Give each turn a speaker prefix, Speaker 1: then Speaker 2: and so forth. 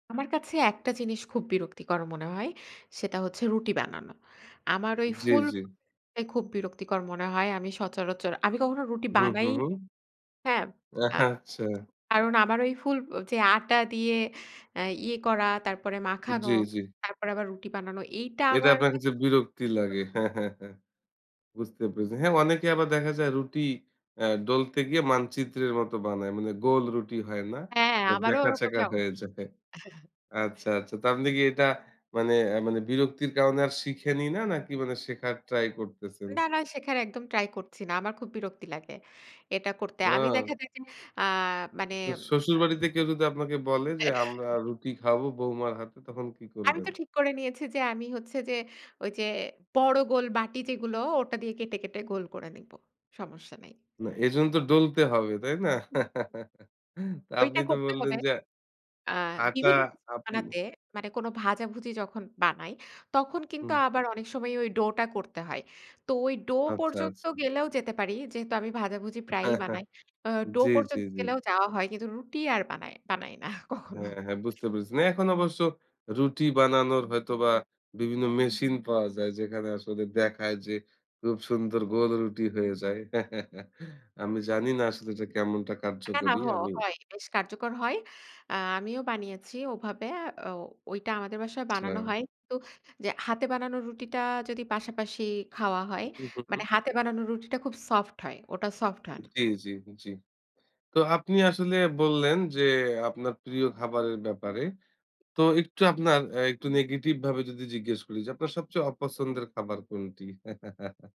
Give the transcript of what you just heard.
Speaker 1: আমার কাছে একটা জিনিস খুব বিরক্তিকর মনে হয়। সেটা হচ্ছে রুটি বানানো। আমার ওই
Speaker 2: জি,
Speaker 1: ফুল
Speaker 2: জি।
Speaker 1: টাই খুব বিরক্তিকর মনে হয়। আমি সচরাচর আমি কখনো রুটি
Speaker 2: হুম,
Speaker 1: বানাই
Speaker 2: হুম, হুম।
Speaker 1: হ্যাঁ, আ
Speaker 2: আচ্ছা।
Speaker 1: কারণ আমার ওই ফুল যে, আটা দিয়ে আ ইয়ে করা তারপরে মাখানো,
Speaker 2: জি, জি।
Speaker 1: তারপরে আবার রুটি বানানো। এইটা
Speaker 2: এটা
Speaker 1: আমার
Speaker 2: আপনার কাছে বিরক্তি লাগে
Speaker 1: [unintelligible]
Speaker 2: হ্যাঁ, হ্যাঁ, হ্যাঁ বুঝতে পেরেছি। হ্যাঁ অনেকে আবার দেখা যায় রুটি আ ডোলতে গিয়ে মানচিত্রের মতো বানায়। মানে গোল রুটি হয় না
Speaker 1: হ্যাঁ,
Speaker 2: এটা
Speaker 1: আমারও ওরকমই
Speaker 2: ব্যাকা-চ্যাকা
Speaker 1: অব
Speaker 2: হয়ে যায়। আচ্ছা, আচ্ছা তো আপনি কি এটা মানে এ্যা মানে বিরক্তির কারণে আর শিখেনি না? নাকি মানে শেখার ট্রাই করতেছেন?
Speaker 1: না, না সেখানে একদম ট্রাই করছি না আমার খুব বিরক্তি লাগে এটা করতে। আমি
Speaker 2: ও।
Speaker 1: দেখে যায় যে, আ মানে আ
Speaker 2: শ্বশুরবাড়িতে কেউ যদি আপনাকে বলে যে, আমরা রুটি খাবো বউমার হাতে তখন কি
Speaker 1: আমি
Speaker 2: করবেন?
Speaker 1: তো ঠিক করে নিয়েছি যে, আমি হচ্ছে যে, ওই যে, বড় গোল বাটি যেগুলো ওটা দিয়ে কেটে, কেটে গোল করে নেব। সমস্যা নেই।
Speaker 2: না, এজন্য তো ডলতে হবে, তাই না?
Speaker 1: [unintelligible]
Speaker 2: আপনি
Speaker 1: ওইটা
Speaker 2: তো
Speaker 1: করতে
Speaker 2: বললেন
Speaker 1: হবে।
Speaker 2: যে
Speaker 1: আ
Speaker 2: আটা
Speaker 1: বিভিন্ন কিছু
Speaker 2: আপ
Speaker 1: বানাতে মানে কোনো ভাজাভুজি যখন বানাই তখন কিন্তু
Speaker 2: হুম।
Speaker 1: আবার অনেক সময় ওই ডো টা করতে হয়। তো ওই ডো
Speaker 2: আচ্ছা,
Speaker 1: পর্যন্ত
Speaker 2: আচ্ছা।
Speaker 1: গেলেও যেতে পারি। যেহেতু আমি ভাজাভুজি প্রায়ই
Speaker 2: হ্যাঁ, হ্যাঁ,
Speaker 1: বানাই। আ ডো
Speaker 2: জি, জি,
Speaker 1: পর্যন্ত
Speaker 2: জি।
Speaker 1: গেলেও যাওয়া হয় কিন্তু রুটি আর বানাই বানাই না কখনো।
Speaker 2: হ্যাঁ, হ্যাঁ, বুঝতে পেরেছি। না এখন অবশ্য রুটি বানানোর হয়তোবা বিভিন্ন মেশিন পাওয়া যায় যেখানে আসলে দেখায় যে, খুব সুন্দর গোল রুটি হয়ে যায়। আমি জানি না আসলে যে কেমনটা
Speaker 1: না, না
Speaker 2: কার্যকরী
Speaker 1: হ
Speaker 2: আমি
Speaker 1: হয় বেশ কার্যকর হয়। আমিও বানিয়েছি ওভাবে। ও ঐটা আমাদের বাসায় বানানো
Speaker 2: আচ্ছা।
Speaker 1: হয় তো যে, হাতে বানানো রুটিটা যদি পাশাপাশি খাওয়া হয়
Speaker 2: হু, হুম, হুম, হুম।
Speaker 1: মানে হাতে বানানো রুটিটা খুব সফট হয়। ওটা সফট হয় না।
Speaker 2: জি, জি, জি। তো আপনি আসলে বললেন যে, আপনার প্রিয় খাবারের ব্যাপারে। তো একটু আপনার অ্যা একটু নেগেটিভ ভাবে যদি জিজ্ঞেস করি যে,
Speaker 1: [unintelligible]
Speaker 2: আপনার সবচেয়ে অপছন্দের খাবার কোনটি?